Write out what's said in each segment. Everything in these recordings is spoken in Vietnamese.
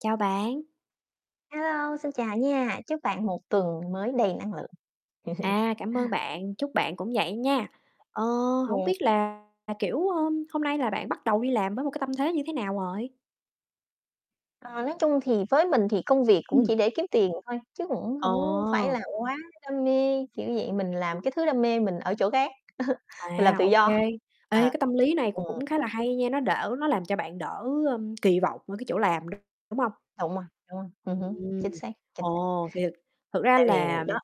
Chào bạn. Hello, xin chào nha, chúc bạn một tuần mới đầy năng lượng. À, cảm ơn bạn, chúc bạn cũng vậy nha. Ờ, hổng Yeah. biết là là, kiểu, ờm, hôm nay là bạn bắt đầu đi làm với một cái tâm thế như thế nào rồi? Ờ, nói chung thì với mình thì công việc cũng Ừm. chỉ để kiếm tiền thôi, chứ cũng hổng phải Ờ. là quá đam mê, kiểu vậy. Mình làm cái thứ đam mê mình ở chỗ khác, mình làm À, tự ô kê. do. Ê, Ờ, cái tâm lý này ừm cũng khá là hay nha, nó đỡ nó làm cho bạn đỡ, ơ, kỳ vọng ở cái chỗ làm, [unintelligible] đúng hông? Đúng rồi, đúng rồi, ừm hứm, Ừm. chính xác, chính xác. Ồ, thì thực thực ra Tại vì là đó.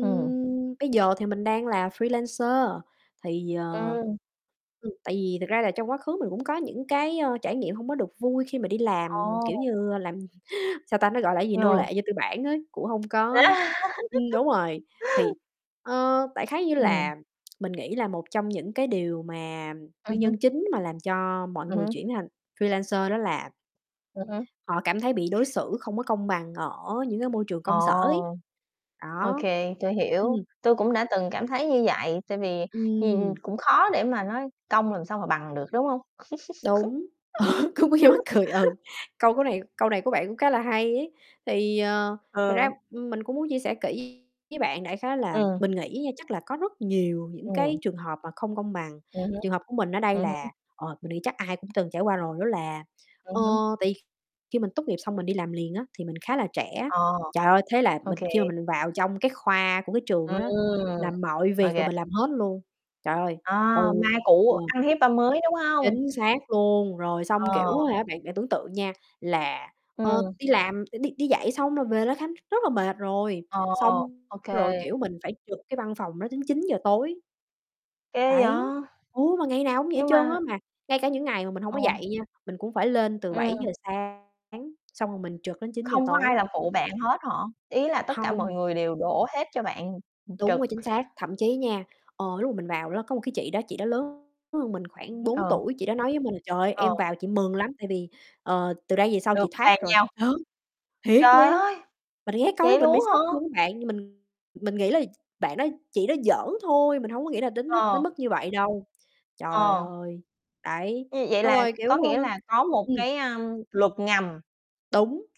Ừm. bây giờ thì mình đang là freelancer, thì, ờ Ừm. ừm, tại vì thật ra là trong quá khứ mình cũng có những cái, ơ, trải nghiệm hông có được vui khi mà đi làm, kiểu Ồ! như, làm sao ta, nó gọi là cái gì, nô Ờ. lệ cho tư bản á, cũng hông có ừm, đúng rồi, thì, ờ, đại khái như Ừm. là mình nghĩ là một trong những cái điều mà Ừm nguyên hưm. nhân chính mà làm cho mọi Ừm người hưm. chuyển thành freelancer đó là Ừm hưm. họ cảm thấy bị đối xử không có công bằng ở những cái môi trường công sở ấy, Ồ! đó. Okay, tui hiểu, Ừm. tui cũng đã từng cảm thấy như vậy, tại vì nhìn Ừm. cũng khó để mà nói công làm sao mà bằng được, đúng hông? Đúng, ờ, cũng nghe như mắc cười, ừ, câu của này câu này của bạn cũng khá là hay ấy. Thì, ờ, thực Ờ. ra, ừm, mình cũng muốn chia sẻ kỹ với bạn đại khái là Ừm. mình nghĩ nha, chắc là có rất nhiều những cái Ừm. trường hợp mà không công bằng, Ừm hứm, trường hợp của mình ở đây ừm là hứm. ờ, mình nghĩ chắc ai cũng từng trải qua rồi, đó là, ờ, Ừm hứm. tại kh khi mình tốt nghiệp xong mình đi làm liền á thì mình khá là trẻ. À, Trời ơi! Thế là mình khi mà okay. mình vào trong cái khoa của cái trường đó Ừm. đó, làm mọi việc là OK. mình làm hết luôn. Trời ơi, À, từ, ma cũ ờ ăn hiếp ma mới, đúng hông? Chính xác luôn, rồi xong, Ờ. kiểu, á hả, bạn bạn tưởng tượng nha là, ờ, Ừm. đi làm đi đi dạy xong rồi về ló khám rất là mệt rồi, Ồ! xong OK. rồi, kiểu, mình phải trực cái văn phòng đó đến 9:00 tối. Ghê Đấy, vậy! ừ, mà ngày nào cũng vậy Nhưng trơn mà á, mà ngay cả những ngày mà mình hông Ờ. có dạy nha, mình cũng phải lên từ bảy Ừm. giờ sáng, xong rồi mình trực đến 9:00 Không có ai tối. làm phụ bạn hết hả? Ý là tất cả mọi Hông. người đều đổ hết cho bạn, ừm, Đúng rồi, trực. chính xác, thậm chí nha, ờ, lúc mà mình vào ló có một cái chị đó, chị đó lớn hơn mình khoảng [unintelligible] 4 Ờ. tuổi, chị đó nói với mình: "Trời ơi, Ờ. em vào chị mừng lắm tại vì, ờ, từ đây về sau Được chị thoát bàn rồi." giao. Ờ, thiệt Trời luôn! ơi! Mình nghe câu đó Vậy mình bị luôn á sốc hả? luôn á bạn, mình mình nghĩ là bạn đó chị nó giỡn thôi, mình hông có nghĩ là đến nước Ờ. đến mức như vậy đâu. Trời Ờ. ơi, đấy, Ừm, vậy xong là rồi, có kiểu, ơ nghĩa là có một ừm. cái, ơm, luật ngầm. Đúng.